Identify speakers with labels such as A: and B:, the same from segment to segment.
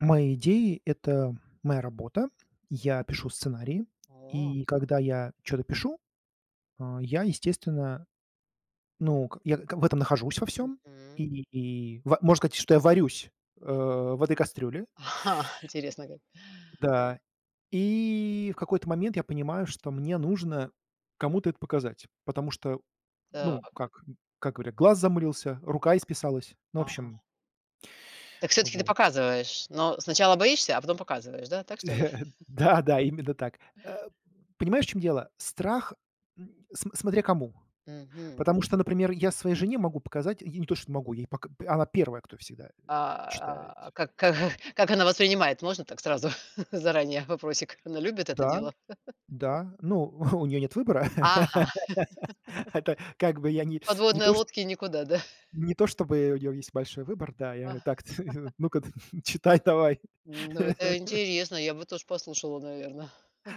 A: Мои идеи это моя работа. Я пишу сценарии,
B: О.
A: и когда я чё-то пишу, а я, естественно, ну ка я к в этом нахожусь, во всём,
B: Мгм.
A: и и и ва можно сказать, что я варюсь, э, в этой кастрюле.
B: Интересно, как.
A: Да, и в какой-то момент я понимаю, что мне нужно кому-то это показать, потому что, ну,
B: Так.
A: как, м как говорят, глаз замылился, рука исписалась. Ну, в
B: Ага.
A: общем.
B: Так всё-таки ты
A: Вот.
B: показываешь, но сначала боишься, а потом показываешь, да, так что ли?
A: Да, да, именно так. Э, понимаешь, в чем дело, страх, м см смотря кому.
B: Мгм.
A: Потому что, например, я своей жене могу показать, я не то что не могу, я ей пока она первая, кто всегда, э, читает.
B: А, как как как она воспринимает, можно так сразу, заранее вопросик? Она любит это
A: Да,
B: дело?
A: да. Ну, у нее нет выбора.
B: Ага.
A: Это, как бы, я не не
B: Подводной
A: то, шт
B: лодке никуда, да?
A: не то чтобы у нее есть большой выбор, да. Я так Ну-ка, читай давай.
B: Ну, это интересно, я бы тож послушала, наверно.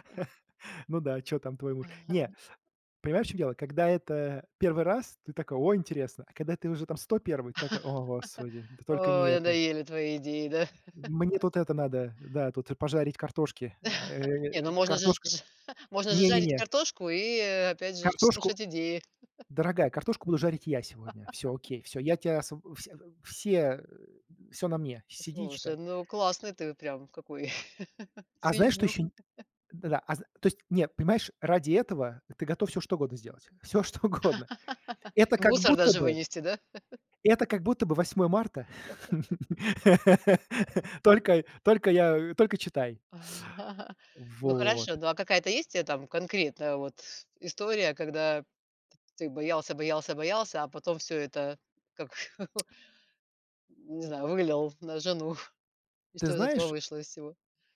A: Ну да, чё там твой муж? Не, понимаешь, в чём дело, когда это 1 раз, ты такой: ой, интересно, а когда ты уже там 101, такой: "О, Господи, да только не
B: О,
A: это".
B: надоели твои идеи, да?
A: М мне тут это надо, да, тут, э, пожарить картошки.
B: Не,
A: Э,
B: ну,
A: п
B: можно же
A: картошка
B: можно же
A: Не не
B: жарить
A: не.
B: картошку и, опять же ж,
A: Картошку?
B: слушать идеи.
A: Дорогая, картошку буду жарить я сегодня. Всё окей, всё я тебя освоб э, вс э, все, э, всё на мне, сиди и
B: Слушай,
A: читай.
B: ну, классный ты во прям какой
A: А знаешь, что
B: ценю.
A: еще нь Да-да, а зн То есть нет, понимаешь, ради этого ты готов всё что угодно сделать. Всё что угодно. Это
B: И
A: как
B: мусор
A: будто
B: даже
A: бы
B: вынести, да?
A: Это как будто бы 8 марта.
B: Хэ, эгэ.
A: Только й только я э, только читай.
B: Ну,
A: Вот.
B: хорошо, ну, а какая-то есть у тебя там конкретная вот с история, когда ты боялся боялся боялся, а потом всё это как не знаю, вывалил на жену, и
A: Ты
B: что из этого
A: знаешь
B: вышло из всего?